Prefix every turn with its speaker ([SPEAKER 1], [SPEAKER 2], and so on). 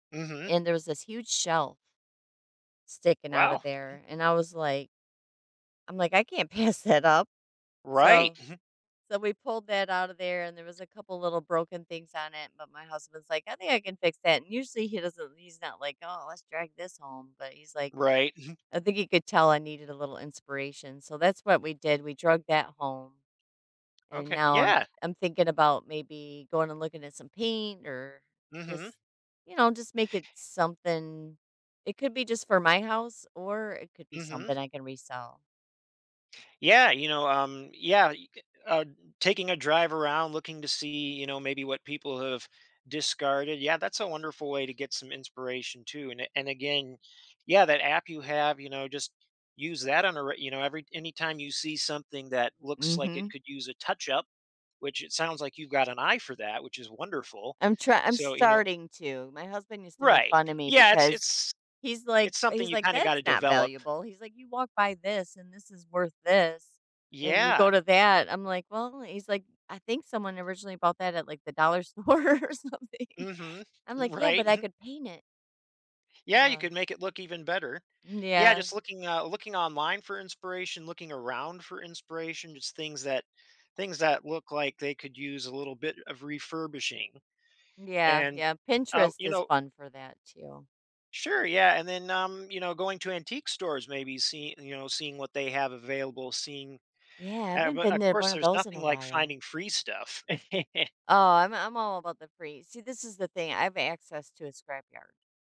[SPEAKER 1] Mhm.
[SPEAKER 2] And there was this huge shelf sticking out of
[SPEAKER 1] Wow.
[SPEAKER 2] there. And I was like I'm like, "I can't pass that up."
[SPEAKER 1] Right,
[SPEAKER 2] So
[SPEAKER 1] mhm.
[SPEAKER 2] so we pulled that out of there and there was a couple little broken things on it, but my husband's like, "I think I can fix that." And usually, he doesn't he's not like, "Oh, let's drag this home." But he's like,
[SPEAKER 1] Right, mhm.
[SPEAKER 2] I think he could tell I needed a little inspiration. So that's what we did. We drugged that home. And
[SPEAKER 1] Okay,
[SPEAKER 2] now I'm
[SPEAKER 1] yeah.
[SPEAKER 2] I'm thinking about maybe going and looking at some paint or
[SPEAKER 1] Mhm.
[SPEAKER 2] just, you know, just make it something. It could be just for my house, or it could be
[SPEAKER 1] Mhm.
[SPEAKER 2] something I can resell.
[SPEAKER 1] Yeah, you know, um, yeah, you could, uh, taking a drive around looking to see, you know, maybe what people have discarded. Yeah, that's a wonderful way to get some inspiration too, and a and again, yeah, that app you have, you know, just use that on a re you know, every anytime you see something that looks like it
[SPEAKER 2] Mhm.
[SPEAKER 1] could use a touch up, which it sounds like you've got an eye for that, which is wonderful.
[SPEAKER 2] I'm try I'm
[SPEAKER 1] So, you know
[SPEAKER 2] starting to. My husband used to make
[SPEAKER 1] Right.
[SPEAKER 2] fun of me
[SPEAKER 1] Yeah, it's
[SPEAKER 2] because
[SPEAKER 1] it's
[SPEAKER 2] he's like
[SPEAKER 1] it's something
[SPEAKER 2] he's
[SPEAKER 1] you
[SPEAKER 2] like,
[SPEAKER 1] kinda
[SPEAKER 2] "That's
[SPEAKER 1] gotta
[SPEAKER 2] not
[SPEAKER 1] develop.
[SPEAKER 2] valuable." He's like, "You walk by this, and this is worth this, and you go
[SPEAKER 1] Yeah.
[SPEAKER 2] to that." I'm like, "Well," he's like, "I think someone originally bought that at, like, the dollar store or something."
[SPEAKER 1] Mhm.
[SPEAKER 2] I'm like, "Yeah,
[SPEAKER 1] Right,
[SPEAKER 2] but I
[SPEAKER 1] mhm.
[SPEAKER 2] could paint it.
[SPEAKER 1] Yeah, you
[SPEAKER 2] Huh.
[SPEAKER 1] could make it look even better.
[SPEAKER 2] M
[SPEAKER 1] Yeah,
[SPEAKER 2] yeah.
[SPEAKER 1] just looking, uh, looking online for inspiration, looking around for inspiration, just things that things that look like they could use a little bit of refurbishing.
[SPEAKER 2] Yeah.
[SPEAKER 1] And,
[SPEAKER 2] Yeah,
[SPEAKER 1] uh,
[SPEAKER 2] Pinterest
[SPEAKER 1] you
[SPEAKER 2] is
[SPEAKER 1] know
[SPEAKER 2] fun for that too.
[SPEAKER 1] Sure, yeah, and then, um, you know, going to antique stores, maybe see, you know, seeing what they have available, seeing,
[SPEAKER 2] Yeah, I
[SPEAKER 1] uh,
[SPEAKER 2] haven't
[SPEAKER 1] but
[SPEAKER 2] been
[SPEAKER 1] of
[SPEAKER 2] there in one
[SPEAKER 1] course,
[SPEAKER 2] of
[SPEAKER 1] there's
[SPEAKER 2] those in
[SPEAKER 1] nothing
[SPEAKER 2] a
[SPEAKER 1] like
[SPEAKER 2] while.
[SPEAKER 1] finding free stuff.
[SPEAKER 2] Oh, I'm I'm all about the free. See, this is the thing, I have access to a scrap yard.